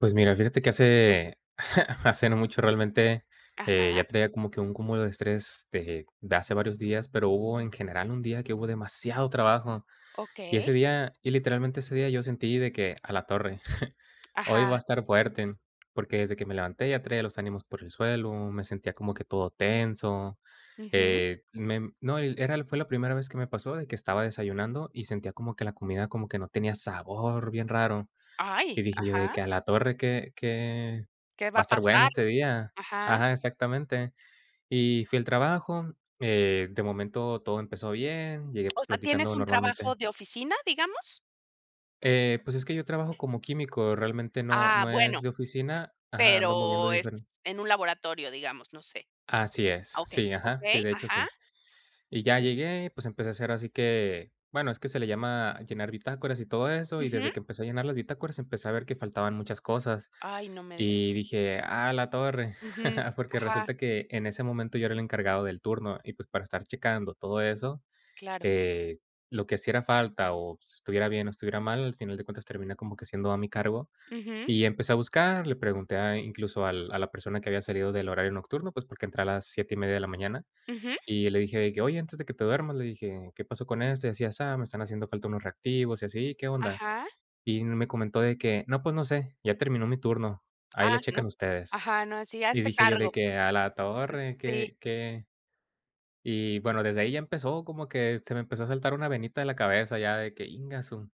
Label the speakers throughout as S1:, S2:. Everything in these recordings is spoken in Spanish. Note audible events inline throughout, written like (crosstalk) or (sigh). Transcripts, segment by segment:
S1: Pues mira. Fíjate que hace, (chuckles) hace no mucho realmente, eh,
S2: Ajá.
S1: ya traía como que un cúmulo de estrés de de hace varios días, pero hubo en general un día que hubo demasiado trabajo. Y
S2: Okey.
S1: ese día y literalmente ese día, yo sentí de que: "A la torre, (chuckles) hoy va a
S2: Ajá.
S1: estar fuerte". Porque desde que me levanté ya traía los ánimos por el suelo, me sentía como que todo tenso,
S2: Ujú.
S1: eh, mem no, y l era el fue la primera vez que me pasó de que estaba desayunando y sentía como que la comida como que no tenía sabor, bien raro. Y
S2: ¡Ay!
S1: dije yo de
S2: Ajá.
S1: que: "A la torre, que que
S2: ¿Qué va
S1: va a
S2: a
S1: estar bueno
S2: pasar?
S1: este día".
S2: Ajá.
S1: Ajá, exactamente. Y fui al trabajo, eh, de momento todo empezó bien, llegué, pues,
S2: O sea,
S1: platicando
S2: ¿tienes un trabajo
S1: normalmente
S2: de oficina, digamos?
S1: Eh, pues es que yo trabajo como químico. Realmente no
S2: Ah,
S1: no es
S2: bueno,,
S1: de oficina ajá, ando moviendo
S2: pero es
S1: diferen
S2: en un laboratorio, digamos, no sé
S1: Así es.
S2: ah, okey.
S1: Sí, ajá. Sí,
S2: Okey,
S1: de hecho,
S2: ajá.
S1: sí. Y ya
S2: Sí.
S1: llegué y pues empecé a hacer así que bueno, es que se le llama llenar bitácoras y todo eso. Y
S2: Ujú.
S1: desde que empecé a llenar las bitácoras, empecé a ver que faltaban muchas cosas
S2: Ay, no me digas.
S1: y dije: "A la torre".
S2: Ujú.
S1: (chuckles) Porque
S2: Ajá.
S1: resulta que en ese momento yo era el encargado del turno y, pues, para estar checando todo eso,
S2: Claro.
S1: eh, lo que hiciera falta o s estuviera bien o estuviera mal, al final de cuentas termina como que siendo a mi cargo.
S2: Ujú.
S1: Y empecé a buscar, le pregunté a incluso al a la persona que había salido del horario nocturno, pues porque entré a las 7:30 de la mañana,
S2: Ujú.
S1: y le dije de que: "Oye, antes de que te duermas", le dije: "¿Qué pasó con este, así y asá? Me están haciendo falta unos reactivos y así. ¿Qué onda?".
S2: Ajá.
S1: Y me comentó de que: "No, pues no sé, ya terminó mi turno, ahí le
S2: Ah, no.
S1: checan ustedes".
S2: Ajá. No, sí,
S1: Y
S2: hazte
S1: dije yo de
S2: cargo.
S1: que: "A la
S2: Es
S1: torre,
S2: sí.
S1: ¿qué qué?" Y bueno, desde ahí ya empezó como que se me empezó a saltar una venita de la cabeza ya de que: "Íngasu".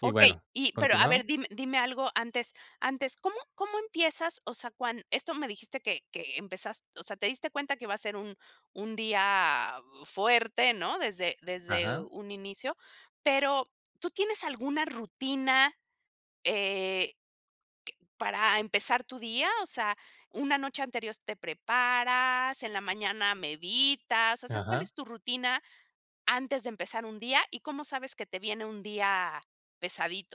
S1: Y
S2: Okey.
S1: bueno,
S2: Y pero a
S1: continuaba.
S2: ver, dime dime algo antes antes, ¿cómo cómo empiezas? O sea, cuan esto me dijiste que que empezas o sea, te diste cuenta que iba a ser un un día u fuerte, ¿no?, desde desde
S1: Ajá.
S2: un inicio. Pero, ¿tú tienes alguna rutina, eh, q para empezar tu día? O sea, ¿una noche anterior te preparas, en la mañana meditas? O sea, ¿cuál
S1: Ajá.
S2: es tu rutina antes de empezar un día y cómo sabes que te viene un día pesadito?